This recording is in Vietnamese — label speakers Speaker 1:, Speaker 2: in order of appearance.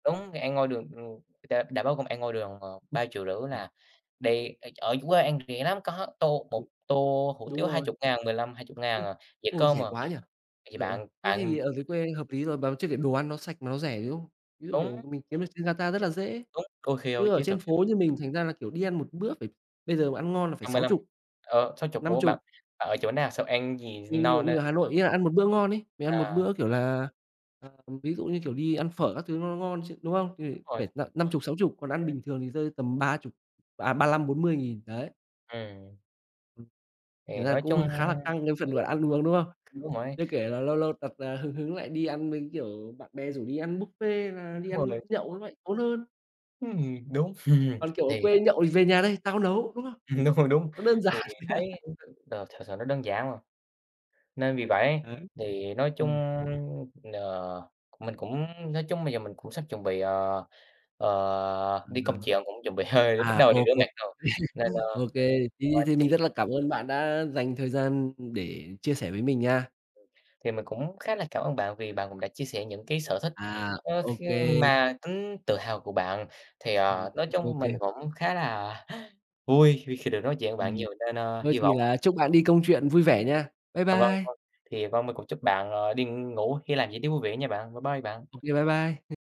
Speaker 1: Đúng, thì ăn ngoài đường, ừ, người ta đã báo công an ngoài đường mà 3.500.000
Speaker 2: Ừm.
Speaker 1: là đi ở ở dưới quê ăn được rẻ lắm, có tô một
Speaker 2: Ừm.
Speaker 1: tô hủ
Speaker 2: Đúng
Speaker 1: tiếu hai
Speaker 2: rồi.
Speaker 1: chục ngàn, 15.000-20.000
Speaker 2: Ô.
Speaker 1: à, dĩa
Speaker 2: Ô,
Speaker 1: cơm m
Speaker 2: rẻ quá nhỉ.
Speaker 1: thì
Speaker 2: Ờ, ờ,
Speaker 1: bạn
Speaker 2: thế
Speaker 1: bạn
Speaker 2: thì ở dưới quê hợp lý rồi bà chưa kể đồ ăn nó sạch mà nó rẻ, đúng không? Như kiểu
Speaker 1: Đúng.
Speaker 2: mình kiếm được đi ra ta rất là dễ,
Speaker 1: Đúng, có khi
Speaker 2: chứ
Speaker 1: ôi
Speaker 2: ở
Speaker 1: chiến
Speaker 2: trên
Speaker 1: thuật.
Speaker 2: phố như mình thành ra là, kiểu, đi ăn một bữa [unintelligible] bây giờ mà ăn ngon là phải
Speaker 1: năm mươi
Speaker 2: sáu
Speaker 1: lăm,
Speaker 2: chục,
Speaker 1: ờ, 60,
Speaker 2: năm
Speaker 1: ủa, bạn
Speaker 2: chục.
Speaker 1: bạn ở chỗ nào sao ăn gì
Speaker 2: Mình mình
Speaker 1: no nê?
Speaker 2: mình ở Hà Nội ấy ạ, ăn một bữa ngon ấy, mình ăn một
Speaker 1: À.
Speaker 2: bữa, kiểu là ờ, ví dụ như, kiểu, đi ăn phở các thứ nó nó ngon chứ, đúng không? Thì
Speaker 1: [unintelligible] rồi.
Speaker 2: phải n năm chục, 60, còn ăn
Speaker 1: [unintelligible]
Speaker 2: bình thường thì rơi tầm 30, à, 35.000-40.000, đấy.
Speaker 1: Ừm.
Speaker 2: [unintelligible]
Speaker 1: Thì
Speaker 2: thành ra
Speaker 1: nói
Speaker 2: cũng h
Speaker 1: chung
Speaker 2: khá là căng cái
Speaker 1: thì
Speaker 2: phần gọi
Speaker 1: đúng.
Speaker 2: ăn uống, đúng không? Chưa
Speaker 1: [unintelligible]
Speaker 2: kể là lâu lâu tật, à, hứng hứng lại đi ăn, với, kiểu, bạn bè rủ đi ăn buffet hay là đi
Speaker 1: Đúng
Speaker 2: ăn
Speaker 1: rồi.
Speaker 2: nhậu nó lại tốn hơn.
Speaker 1: Ừm, đúng,
Speaker 2: Còn, kiểu, ở
Speaker 1: thì,
Speaker 2: quê
Speaker 1: à
Speaker 2: nhậu thì: "Về nhà đây, tao nấu.", đúng không?
Speaker 1: Ừm, đúng rồi, đúng,
Speaker 2: Nó đơn
Speaker 1: thì
Speaker 2: giản.
Speaker 1: thấy [unintelligible] đồ thực sự nó đơn giản mà. Nên vì vậy,
Speaker 2: Đấy,
Speaker 1: thì nói chung
Speaker 2: ừm.
Speaker 1: n mình cũng nói chung bây giờ mình cũng sắp chuẩn bị, ờ, ờ, đi công
Speaker 2: [unintelligible]
Speaker 1: chuyện, cũng chuẩn bị hơi bắt
Speaker 2: À,
Speaker 1: đầu
Speaker 2: ô
Speaker 1: đi rửa
Speaker 2: kê,
Speaker 1: mặt rồi, nên, ơ
Speaker 2: ô kê, thì
Speaker 1: thật ra
Speaker 2: thì mình
Speaker 1: thì
Speaker 2: rất là cảm ơn bạn đã dành thời gian để chia sẻ với mình nha.
Speaker 1: Ừm. Thì mình cũng khá là cảm ơn bạn vì bạn cũng đã chia sẻ những cái sở thích,
Speaker 2: À,
Speaker 1: ơ,
Speaker 2: ô
Speaker 1: kh
Speaker 2: kê.
Speaker 1: mà tính tự hào của bạn, thì,
Speaker 2: Ừm,
Speaker 1: ờ nói
Speaker 2: [unintelligible] ô
Speaker 1: chung mình
Speaker 2: kê.
Speaker 1: cũng khá là vui vì khi được nói chuyện với bạn
Speaker 2: Ừm.
Speaker 1: nhiều nên, ơ,
Speaker 2: Thôi
Speaker 1: hy
Speaker 2: thì
Speaker 1: vọng
Speaker 2: là chúc bạn đi công chuyện vui vẻ nha. Bye
Speaker 1: À, vâng,
Speaker 2: bye.
Speaker 1: vâng, thì vâng mình cũng chúc bạn, ờ, đi ngủ với làm việc tiếp vui vẻ nha bạn, bye bye bạn.
Speaker 2: Ô kê, bye bye.